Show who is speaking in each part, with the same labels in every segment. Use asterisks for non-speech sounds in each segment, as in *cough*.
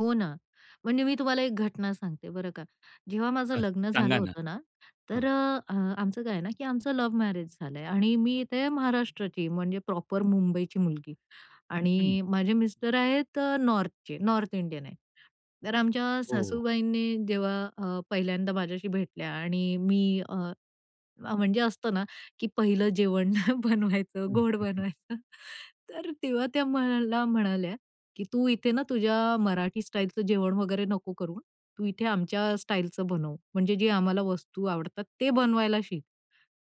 Speaker 1: हो ना. म्हणजे मी तुम्हाला एक घटना सांगते, बरं का. जेव्हा माझं
Speaker 2: अ,
Speaker 1: लग्न झालं
Speaker 2: सांगा ना.
Speaker 1: होतं ना, तर
Speaker 2: हां.
Speaker 1: अ, अ, आमचं काय आहे ना, की आमचं लव्ह मॅरेज झालंय. आणि मी इथे महाराष्ट्राची, म्हणजे प्रॉपर मुंबईची मुलगी
Speaker 2: हम्म.
Speaker 1: आणि माझे मिस्टर आहेत नॉर्थचे, नॉर्थ इंडियन आहे. तर आमच्या
Speaker 2: हो.
Speaker 1: सासूबाईंनी जेव्हा अ, पहिल्यांदा माझ्याशी भेटल्या आणि मी अ, अ, म्हणजे असतं ना, की पहिलं जेवण बनवायचं,
Speaker 2: हं,
Speaker 1: गोड
Speaker 2: हं, हं.
Speaker 1: बनवायचं. तर तेव्हा त्या मला म्हणाल्या, की "तू इथे ना तुझ्या मराठी स्टाईलचं जेवण वगैरे नको करु हां. तू इथे आमच्या स्टाईलचं बनव, म्हणजे जे आम्हाला वस्तू आवडतात ते बनवायला शिक."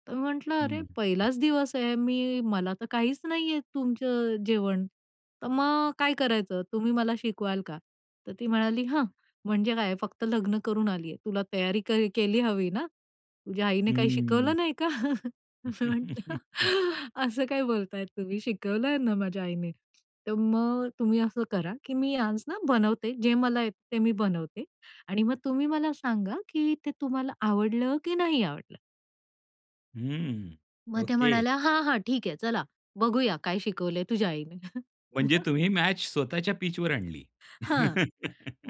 Speaker 1: तर मी म्हटलं, "अरे!
Speaker 2: हम्म.
Speaker 1: पहिलाच दिवस आहे, मी मला तर काहीच नाही येत तुमचं अ, जेवण. तर मग काय करायचं? तुम्ही मला शिकवाल का?" तर ती म्हणाली, *scoffs* "ह्, म्हणजे काय; फक्त लग्न करून आलीये? तुला तयारी कर केली हवी ना? तुझ्या आईने काही
Speaker 2: हम्म.
Speaker 1: शिकवलं" "नाही का?" मी म्हणलं,
Speaker 2: *laughs*
Speaker 1: "असं काय बोलताय तुम्ही, शिकवलंय ना माझ्या आईने. तर मग तुम्ही असं करा, की मी आज ना बनवते, जे मला येत ते मी बनवते आणि मग तुम्ही मला सांगा, की ते तुम्हाला आवडलं की नाही आवडलं?"
Speaker 2: हम्म.
Speaker 1: मग त्या
Speaker 2: ओके.
Speaker 1: म्हणाल्या, "हां, हां. ठीक आहे. चला, बघूया काय शिकवले तुझ्या आईने?"
Speaker 2: म्हणजे
Speaker 1: मग.
Speaker 2: तुम्ही मॅच स्वतःच्या पिचवर आणली.
Speaker 1: हां.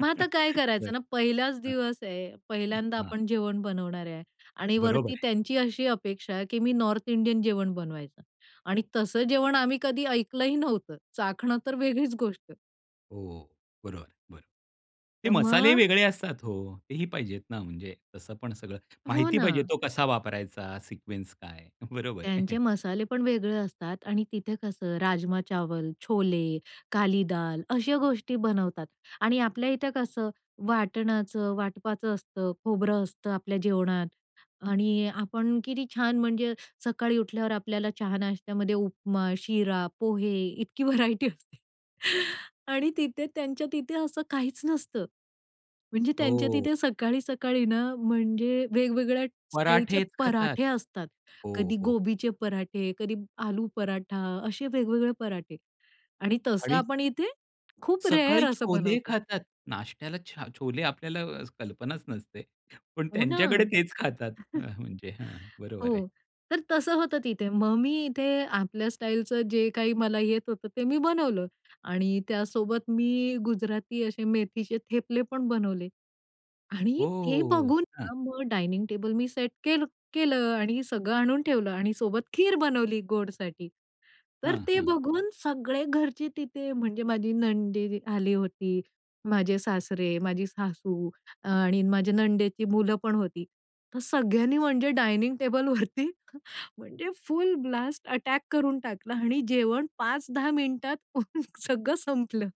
Speaker 1: मग आता काय करायचं
Speaker 2: बरं.
Speaker 1: ना? पहिलाच
Speaker 2: हां.
Speaker 1: दिवस आहे,
Speaker 2: अ,
Speaker 1: पहिल्यांदा
Speaker 2: हां.
Speaker 1: आपण जेवण बनवणार आहे आणि
Speaker 2: बरोबर
Speaker 1: वरती
Speaker 2: आहे.
Speaker 1: त्यांची अशी अपेक्षा आहे, की मी नॉर्थ इंडियन जेवण बनवायचं. आणि तसं जेवण आम्ही कधी ऐकलंही नव्हतं, चाखणं तर वेगळीच गोष्ट.
Speaker 2: हो, बरोबर. बरं. ते
Speaker 1: तर
Speaker 2: मसालेही
Speaker 1: मग
Speaker 2: वेगळे असतात. हो, तेही पाहिजेत ना म्हणजे तसं पण सगळं
Speaker 1: हो
Speaker 2: माहिती पाहिजे
Speaker 1: ना.
Speaker 2: तो कसा वापरायचा सिक्वेन्स काय बरोबर आहे.
Speaker 1: त्यांचे मसाले पण वेगळे असतात आणि तिथे कसं राजमा-चावल, छोले, काली दाल अशा गोष्टी बनवतात. आणि आपल्या इथे कसं वाटणाचं वाटपाचं असतं, खोबरं असतं आपल्या जेवणात. आणि आपण किती छान! म्हणजे सकाळी उठल्यावर आपल्याला चहा-नाश्त्यामध्ये उपमा, शिरा, पोहे इतकी व्हरायटी असते आणि तिथे त्यांच्या तिथे असं काहीच नसतं. म्हणजे त्यांच्या
Speaker 2: हो.
Speaker 1: तिथे सकाळी-सकाळी ना, म्हणजे वेगवेगळ्या स्टाईलचे
Speaker 2: पराठेच खातात.
Speaker 1: पराठे असतात.
Speaker 2: हो,
Speaker 1: कधी
Speaker 2: हो.
Speaker 1: गोबीचे पराठे, कधी आलू पराठा असे वेगवेगळे पराठे आणि तसं
Speaker 2: आणि
Speaker 1: आपण इथे खूप रेअर
Speaker 2: सकाळी
Speaker 1: असं
Speaker 2: छोले
Speaker 1: बनवतो.
Speaker 2: खातात, नाश्त्याला छ छोले आपल्याला अ, कल्पनाच नसते. पण
Speaker 1: हो
Speaker 2: त्यांच्याकडे
Speaker 1: ना.
Speaker 2: तेच खातात अ,
Speaker 1: *chuckles*
Speaker 2: म्हणजे हां. बरोबर आहे.
Speaker 1: हो. तर तसं होतं तिथे. मग मी इथे आपल्या स्टाईलचं जे काही मला येत होतं, ते मी बनवलं आणि त्यासोबत मी गुजराती असे मेथीचे थेपले पण बनवले. आणि ते
Speaker 2: हो.
Speaker 1: बघून
Speaker 2: हां.
Speaker 1: हां, मग डायनिंग टेबल मी सेट केलं केलं आणि सगळं आणून ठेवलं. आणि सोबत खीर बनवली गोडसाठी. तर
Speaker 2: हं,
Speaker 1: ते
Speaker 2: हं.
Speaker 1: बघून सगळे घरचे तिथे म्हणजे माझी नणदी आली होती, माझे सासरे, माझी सासू आणि माझ्या नणंदेची मुलं पण होती. तर सगळ्यांनी म्हणजे डायनिंग टेबलवरती म्हणजे फुल ब्लास्ट अटॅक करून टाकलं आणि जेवण 5-10 मिनिटात सगळं संपलं.